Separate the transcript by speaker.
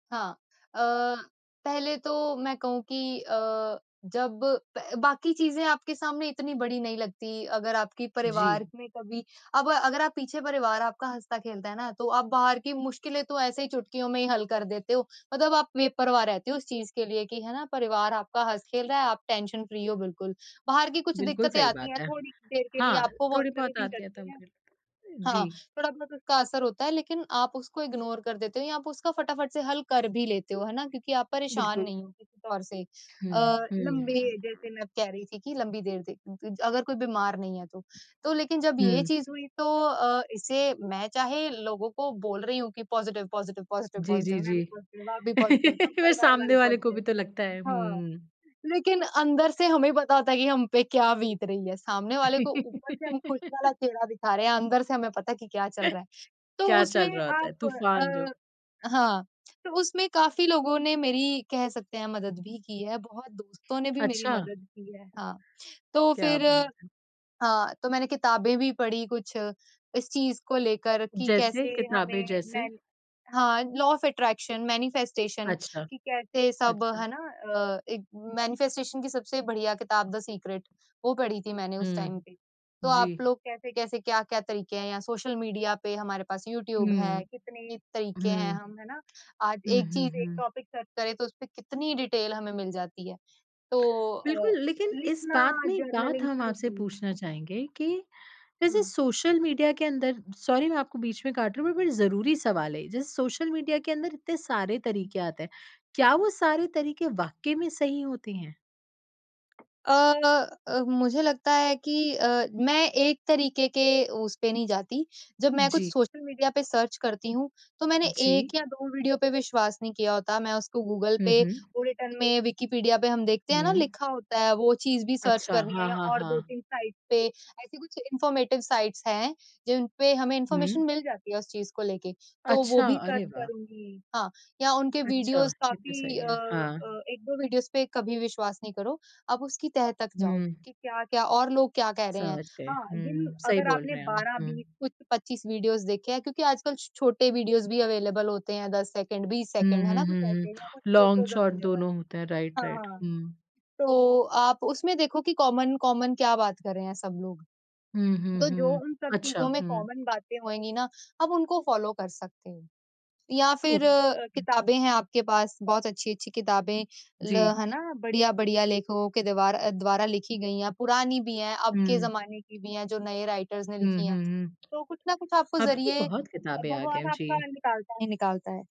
Speaker 1: हाँ, अ, पहले तो मैं कहूँ कि अ, जब पह बाकी चीज़ें आपके सामने इतनी बड़ी नहीं लगती अगर आपकी परिवार
Speaker 2: जी।
Speaker 1: में कभी अब अगर आप पीछे परिवार आपका हँसता-खेलता है ना, तो आप बाहर की मुश्किलें तो ऐसे ही चुटकियों में ही हल कर देते हो। मतलब आप बेपरवाह रहते हो उस चीज़ के लिए कि है ना, परिवार आपका हँस-खेल रहा है, आप टेंशन फ्री हो बिल्कुल। बाहर की कुछ
Speaker 2: बिल्कुल
Speaker 1: दिक्कतें
Speaker 2: सही
Speaker 1: आती हैं
Speaker 2: बात है।
Speaker 1: थोड़ी देर के लिए
Speaker 2: हाँ,
Speaker 1: आपको वो
Speaker 2: थोड़ी
Speaker 1: असर ही
Speaker 2: बहुत
Speaker 1: नहीं
Speaker 2: आती है
Speaker 1: करती हैं।
Speaker 2: [unintelligible]
Speaker 1: हाँ,
Speaker 2: जी।
Speaker 1: थोड़ा बहुत उसका असर होता है लेकिन आप उसको इग्नोर कर देते हो या आप उसका फटाफट से हल कर भी लेते हो, है ना? क्योंकि आप परेशान
Speaker 2: बिल्कुल।
Speaker 1: नहीं हो किसी तौर से अ,
Speaker 2: हुँ, हुँ।
Speaker 1: लँबे जैसे मैं कह रही थी कि लंबी देर ज अ, अगर कोई बीमार नहीं है तो। तो लेकिन जब ये
Speaker 2: हुँ।
Speaker 1: चीज़ हुई तो अ, इसे मैं चाहे लोगों को बोल रही हूँ कि पॉजिटिव, पॉजिटिव, पॉजिटिव,
Speaker 2: जी,
Speaker 1: पॉजिटिव।
Speaker 2: जी,
Speaker 1: मैं भी
Speaker 2: जी।
Speaker 1: पॉजिटिव, आप भी पॉजिटिव, सब
Speaker 2: फिर वो
Speaker 1: परिवार वाले
Speaker 2: सामने वाले को
Speaker 1: पॉजिटिव।
Speaker 2: भी तो लगता है हुँ,
Speaker 1: हाँ,
Speaker 2: हुँ।
Speaker 1: लेकिन अंदर से हमें पता होता है कि हम पे क्या बीत रही है। सामने वाले को ऊपर से हम खुश वाला चेहरा दिखा रहे हैं, अंदर से हमें पता है कि क्या चल रहा है। तो
Speaker 2: क्या
Speaker 1: उसमें
Speaker 2: चल रहा होता है।
Speaker 1: आप
Speaker 2: तूफान जो
Speaker 1: अ, हाँ, तो उसमें काफ़ी लोगों ने मेरी कह सकते हैं मदद भी की है, बहुत दोस्तों ने भी मेरी
Speaker 2: अच्छा।
Speaker 1: मदद की है। हाँ, तो
Speaker 2: क्या
Speaker 1: फिर
Speaker 2: बात है!
Speaker 1: हाँ, तो मैंने किताबें भी पढ़ी कुछ इस चीज़ को लेकर कि
Speaker 2: जैसे?
Speaker 1: कैसे
Speaker 2: किताबें
Speaker 1: हमें
Speaker 2: जैसे?
Speaker 1: मैन हाँ, लॉ ऑफ अट्रैक्शन, मैनिफेस्टेशन
Speaker 2: अच्छा।
Speaker 1: कि कैसे सब
Speaker 2: अच्छा।
Speaker 1: है ना, अ, एक मैनिफेस्टेशन की सबसे बढ़िया किताब द सीक्रेट वो पढ़ी थी मैंने उस टाइम
Speaker 2: हुँ।
Speaker 1: पे। तो आप
Speaker 2: जी।
Speaker 1: लोग कैसे-कैसे, क्या-क्या तरीके हैं या सोशल मीडिया पे हमारे पास यूट्यूब है,
Speaker 2: हुँ।
Speaker 1: कितने तरीके हैं
Speaker 2: हुँ।
Speaker 1: हम, है ना। आज
Speaker 2: हुँ,
Speaker 1: एक
Speaker 2: हुँ,
Speaker 1: चीज़ एक
Speaker 2: हुँ।
Speaker 1: टॉपिक सर्च करे तो उसपे कितनी डिटेल हमें मिल जाती है। तो अ,
Speaker 2: बिल्कुल, लेकिन इस
Speaker 1: लिखना
Speaker 2: बात में एक बात
Speaker 1: जर्नलिंग
Speaker 2: हम
Speaker 1: शुरू
Speaker 2: आपसे
Speaker 1: की।
Speaker 2: पूछना चाहेंगे कि जैसे
Speaker 1: हुँ।
Speaker 2: सोशल मीडिया के अंदर सॉरी मैं आपको बीच में काट रही हूँ, बट बट ज़रूरी सवाल है ये। जैसे सोशल मीडिया के अंदर इतने सारे तरीके आते हैं। क्या वो सारे तरीके वाक़ई में सही होते हैं?
Speaker 1: अ अ, मुझे लगता है कि अ, मैं एक तरीके के उस पे नहीं जाती। जब मैं कुछ
Speaker 2: जी।
Speaker 1: सोशल मीडिया पे सर्च करती हूँ तो मैंने
Speaker 2: जी।
Speaker 1: 1 या 2 वीडियो पे विश्वास नहीं किया होता। मैं उसको गूगल
Speaker 2: हुँ,
Speaker 1: पे,
Speaker 2: हुँ।
Speaker 1: वो रिटन में विकिपीडिया पे हम देखते हैं ना
Speaker 2: हुँ।
Speaker 1: लिखा होता है वो चीज़ भी सर्च
Speaker 2: अच्छा।
Speaker 1: करनी है
Speaker 2: हाँ,
Speaker 1: या
Speaker 2: हाँ,
Speaker 1: और दो
Speaker 2: हाँ।
Speaker 1: तीन साइट्स पे, ऐसे कुछ इन्फॉर्मेटिव साइट्स हैं जिन पे हमें इन्फॉर्मेशन
Speaker 2: हुँ।
Speaker 1: मिल जाती है उस चीज़ को लेके, तो वो
Speaker 2: अच्छा!
Speaker 1: भी सर्च
Speaker 2: अरे वाह!
Speaker 1: करुँगी। हाँ, या उनके
Speaker 2: अच्छा।
Speaker 1: वीडियोज़
Speaker 2: ये तो
Speaker 1: काफ़ी
Speaker 2: सही
Speaker 1: अ
Speaker 2: है। हाँ।
Speaker 1: अ, 1-2 वीडियोज़ पे कभी विश्वास नहीं करो। आप उसकी तह तक जाओ
Speaker 2: हुँ।
Speaker 1: कि क्या-क्या और लोग क्या कह रहे हैं?
Speaker 2: समझ गए।
Speaker 1: हाँ, जिन
Speaker 2: हुँ। सही
Speaker 1: अगर
Speaker 2: बोल
Speaker 1: आपने
Speaker 2: रहे हैं आप।
Speaker 1: बारह
Speaker 2: हुँ।
Speaker 1: बीस कुछ 25 वीडियोज़ देखे हैं क्योंकि आजकल छोटे वीडियोज़ भी अवेलेबल होते हैं 10 सेकंड, 20
Speaker 2: हुँ,
Speaker 1: सेकंड, है ना?
Speaker 2: हुँ,
Speaker 1: कुछ
Speaker 2: हुँ,
Speaker 1: ऐसे या कुछ
Speaker 2: हुँ।
Speaker 1: Photos
Speaker 2: long shot
Speaker 1: available.
Speaker 2: दोनों होते हैं।
Speaker 1: हाँ,
Speaker 2: राइट-राइट।
Speaker 1: हाँ।
Speaker 2: हुँ।
Speaker 1: तो आप उसमें देखो कि कॉमन कॉमन क्या बात कर रहे हैं सब लोग?
Speaker 2: हुँ, हुँ,
Speaker 1: तो जो
Speaker 2: हुँ।
Speaker 1: उन सब
Speaker 2: अच्छा।
Speaker 1: चीज़ों में
Speaker 2: हुँ।
Speaker 1: कॉमन बातें होएगी ना आप उनको फॉलो कर सकते हो या फिर
Speaker 2: ओके। हुँ।
Speaker 1: किताबें हैं आपके पास बहुत अच्छी-अच्छी किताबें ल
Speaker 2: जी।
Speaker 1: है ना, बढ़िया-बढ़िया लेखकों के द्वार अ, द्वारा लिखी गई हैं। पुरानी भी हैं, अब के
Speaker 2: हुँ।
Speaker 1: ज़माने की भी हैं, जो नए राइटर्स ने
Speaker 2: हुँ,
Speaker 1: लिखी हैं।
Speaker 2: हुँ, हुँ।
Speaker 1: तो कुछ ना कुछ आपको
Speaker 2: अब तो
Speaker 1: ज़रिए अ,
Speaker 2: बहुत किताबे आ गए हैं।
Speaker 1: भगवान आपका
Speaker 2: जी।
Speaker 1: निकालता ही निकालता है।